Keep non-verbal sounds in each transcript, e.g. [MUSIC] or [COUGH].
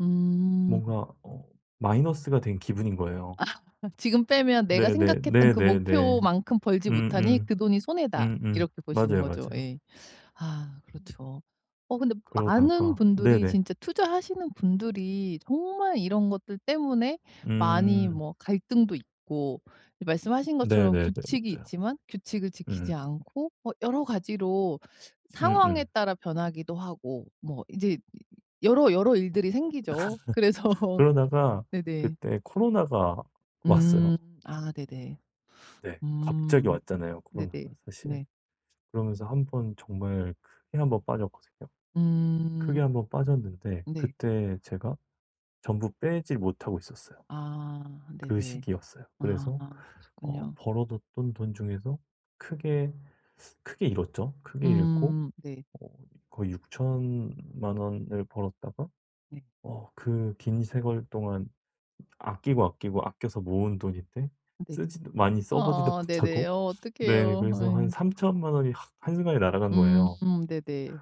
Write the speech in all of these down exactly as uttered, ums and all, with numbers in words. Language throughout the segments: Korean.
음. 뭔가 어 마이너스가 된 기분인 거예요. [LAUGHS] 지금 빼면 '내가 네네 생각했던 그 네네네. 목표만큼 벌지 못하니 음음. 그 돈이 손해다.' 음음. 이렇게 보시는 맞아요, 거죠. 맞아요. 예. 아 그렇죠. 어 근데 많은 그러다가 분들이 네네. 진짜 투자하시는 분들이 정말 이런 것들 때문에 많이 음. 뭐 갈등도 있고 이 말씀하신 것처럼 네네네. 규칙이 맞아요. 있지만 규칙을 지키지 음. 않고 뭐 여러 가지로 상황에 음음. 따라 변하기도 하고 뭐 이제 여러, 여러 일들이 생기죠. 그래서 [LAUGHS] 그러다가 네네. 그때 코로나가 음. 왔어요. 아 네네. 네. 갑자기 음. 왔잖아요. 코로나가 네네. 사실. 네. 그러면서 한번 정말 크게 한 번 빠졌거든요. 음. 크게 한 번 빠졌는데 네. 그때 제가 전부 빼지 못하고 있었어요. 아 그 네네. 시기였어요. 아 그래서 어 그러셨군요. 벌어 뒀던 돈 중에서 크게 크게 잃었죠. 크게 잃고 음 네. 어 거의 육천만 원을 벌었다가 네. 어 그 긴 세월 동안 아끼고, 아끼고, 아껴서 모은 돈인데 네. 쓰지도 많이 써 보지도 아 네네. 못하고 어 네 어떡해요? 그래서 한 예. 삼천만 원이 확 한순간에 날아간 음 거예요. 네네.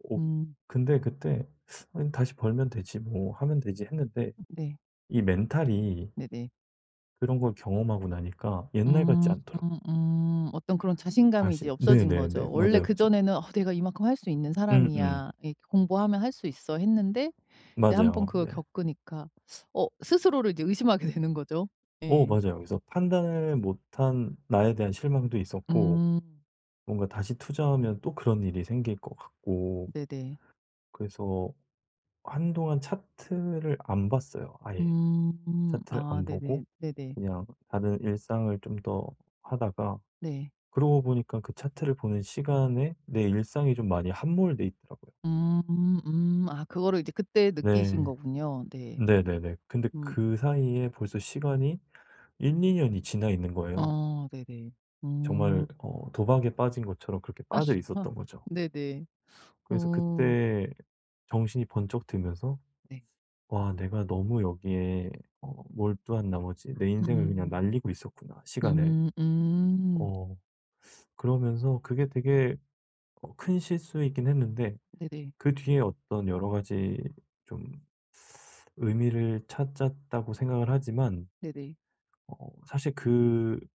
오 음. 근데 그때 '아니 다시 벌면 되지 뭐 하면 되지.' 했는데 네. 이 멘탈이 네네. 그런 걸 경험하고 나니까 옛날 같지 않더라고요. 음음음. 어떤 그런 자신감이 이제 다시 없어진 네네네. 거죠. 원래 맞아요, 맞아요. 그전에는 '어 내가 이만큼 할 수 있는 음음. 사람이야. 이렇게 공부하면 할 수 있어.' 했는데 이제 한번 맞아요. 그걸 네. 겪으니까 어 스스로를 이제 의심하게 되는 거죠. 어 예. 맞아요. 그래서 판단을 못한 나에 대한 실망도 있었고 음. 뭔가 다시 투자하면 또 그런 일이 생길 것 같고 네네. 그래서 한동안 차트를 안 봤어요 아예. 음. 차트를 아 안 보고 네네. 네네. 그냥 다른 일상을 좀 더 하다가 네. 그러고 보니까 그 차트를 보는 시간에 내 일상이 좀 많이 함몰돼 있더라고요. 음 음. 아 그거를 이제 그때 느끼신 네. 거군요. 네. 네네네. 근데 음. 그 사이에 벌써 시간이 일이 년이 지나 있는 거예요. 어 네네. 음. 정말 어 도박에 빠진 것처럼 그렇게 아 빠져 어 있었던 거죠. 네네. 그래서 음. 그때 정신이 번쩍 들면서 네. '와 내가 너무 여기에 어 몰두한 나머지 내 인생을 그냥 음. 날리고 있었구나, 시간을.' 음 음. 어 그러면서 그게 되게 어 큰 실수이긴 했는데 네네. 그 뒤에 어떤 여러 가지 좀 의미를 찾았다고 생각을 하지만 네네. 어 사실 그